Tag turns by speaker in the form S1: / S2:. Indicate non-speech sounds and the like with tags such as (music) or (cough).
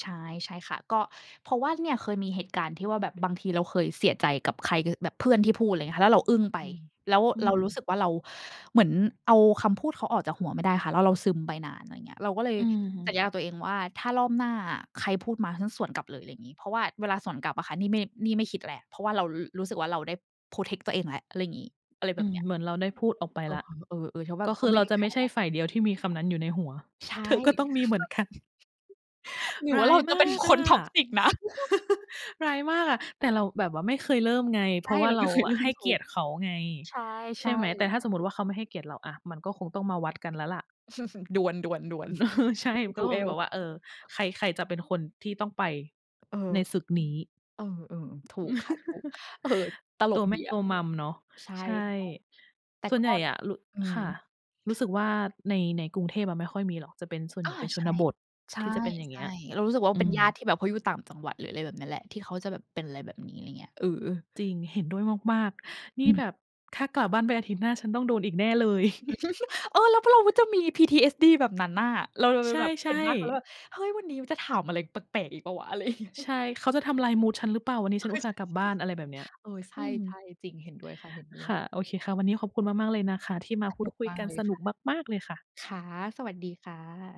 S1: ใช่ ใช่ค่ะ ก็เพราะว่าเนี่ยเคยมีเหตุการณ์ที่ว่าแบบ บางทีเราเคยเสียใจกับใคร ค แบบเพื่อนที่พูด อะไรอย่างเงี้ยค่ะ แล้วเราอึ้งไป
S2: อืม
S1: แล้ว
S2: อื
S1: เรา
S2: ม
S1: รู้สึกว่าเราเหมือนเอาคำพูดเขาออกจากหัวไม่ได้ค่ะ แล้วเราซึมไปนาน อะไรอย่างเงี้ย เราก็เลย
S2: อื
S1: สัญ
S2: ม
S1: ญากับตัวเองว่า "ถ้ารอบหน้าอะ ใครพูดมาฉันสวนกลับเลย" อะไรอย่างงี้ เพราะว่าเวลาสวนกลับอะค่ะ นี่ไม่ นี่ไม่คิดแล้ว เพราะว่าเรา ร รู้สึกว่าเราได้ Protect ตัวเองแล้ว อะไรอย่างงี้ อะไรแ
S2: อ
S1: บ
S2: ื
S1: บ
S2: ม
S1: เนี้ย
S2: เหมือนเราได้พูดออกไปแล้ว
S1: เออ ๆ ๆ แล้วแบ
S2: ก
S1: บ
S2: ็ค
S1: ก็
S2: ือ
S1: ไม
S2: เ
S1: ่
S2: รา
S1: ได้
S2: จะ
S1: แค
S2: ไม่
S1: ร
S2: ใช
S1: ์
S2: ่
S1: อะ
S2: ฝ่ายเดียวที่มีคำนั้นอยู่ในหัว
S1: ใช
S2: (chuckles)
S1: ่
S2: เธอก็ต้องมีเหมือนกัน
S1: (chuckles) หรือ
S2: ร
S1: ว่
S2: ้
S1: า
S2: า
S1: เร
S2: ย
S1: าจะ
S2: ม
S1: เป็น
S2: าก
S1: ค
S2: อ
S1: น
S2: ะ
S1: Toxic นะ
S2: (chuckles) ร
S1: (chuckles)
S2: ้ายมากอะ แต่เราแบบว่าไม่เคยเริ่มไง เ
S1: ใช
S2: พรา
S1: ่
S2: ะว่
S1: เ
S2: า
S1: รา
S2: เ
S1: ไ
S2: ร
S1: ม
S2: า
S1: ่เคย
S2: อ
S1: ล
S2: ะ
S1: ื
S2: ให
S1: ม
S2: ้
S1: ถ
S2: เ
S1: ู
S2: กีย
S1: ก
S2: รติเขาไง
S1: ใช
S2: ใช่
S1: ่
S2: ไหม แต่
S1: ๆ
S2: ถ้าสมมติว่าเขาไม่ให้เกียรติเรา อา มันก็คงต้องมาวัดกันแล้วแหละ
S1: (chuckles) ดวล
S2: เอ
S1: ๆ
S2: อ ใช่
S1: ๆ
S2: ก็คงแ
S1: Duel
S2: บบว่า เออ ใคร ใครจะเป็นคนที่ต้องไป
S1: เออ
S2: ในศึกนี้
S1: เออ ๆ ถูกค่ะ ถูก
S2: (chuckles)
S1: เออ ตล
S2: ตั
S1: ก
S2: วแม
S1: ดี
S2: ่
S1: อ
S2: ตั
S1: ะ
S2: ว Mom เนาะ
S1: ใช่
S2: ใช่
S1: ๆ แต่
S2: ส่ว
S1: ก
S2: น
S1: ็
S2: ใหญ่อะ รุ
S1: อื
S2: ค
S1: ม
S2: ่ะ รู้สึกว่าใน ในกรุงเทพอะไม่ค่อยมีหรอก จะเป็น ส่วนให
S1: อ
S2: ญ
S1: า
S2: ่เป็นช
S1: ใช
S2: น
S1: ่
S2: บท
S1: ใช่
S2: ที่จะเป็นอย่าง
S1: ใ
S2: เ
S1: ช
S2: งี้
S1: ่
S2: ย
S1: เรารู้สึกว่า
S2: อ
S1: เ
S2: ื
S1: ป็น
S2: ม
S1: ญาติที่แบบเขาอยู่ต่างจังหวัด อะไรแบบนี้แหละ ที่เขาจะแบบเป็นอะไรแบบนี้ อะไรอย่างเงี้ย เออ ๆ
S2: จริง เห็นด้วยมาก ๆ นี่
S1: อื
S2: แ
S1: ม
S2: บบ "ถ้ากลับบ้านไปอาทิตย์หน้าฉันต้องโดนอีกแน่เลย" (chuckles)
S1: (giggles) เออ แล้วพอ เราจะมี PTSD แบบนั้นน่ะ เราเล
S2: ใ
S1: ยแบบ
S2: ช
S1: เห
S2: ่
S1: ็นหน้าเขาแล้วแ
S2: ๆ
S1: บบ "เฮ้ย! วันนี้จะถามอะไรแปลก ๆ อีกเปล่าวะ?" อะไร เงี้ย
S2: ใช่ "เขาจะทำลายมูดฉันหรือเปล่า? วันนี้ฉันอุตส่าห์กลับบ้าน" อะไรแบบเนี้ย
S1: เออ ใช
S2: อื
S1: ่
S2: ม
S1: ๆ ๆ เออ ใช่ ๆ จริง เห็นด้วยค่ะ เห็นด้
S2: ค
S1: วย
S2: ่ะ โอเคค่ะ วันนี้ขอบคุณมาก ๆ เลยนะคะที่มา
S1: ส
S2: พู
S1: น
S2: ด
S1: ุก
S2: คุย
S1: มา
S2: ก
S1: ก
S2: ัน
S1: เลย
S2: สน
S1: ค
S2: ุ
S1: ่ะ
S2: กมาก ๆ เลยค่ะ
S1: ค่ะ สวัสดีค่ะ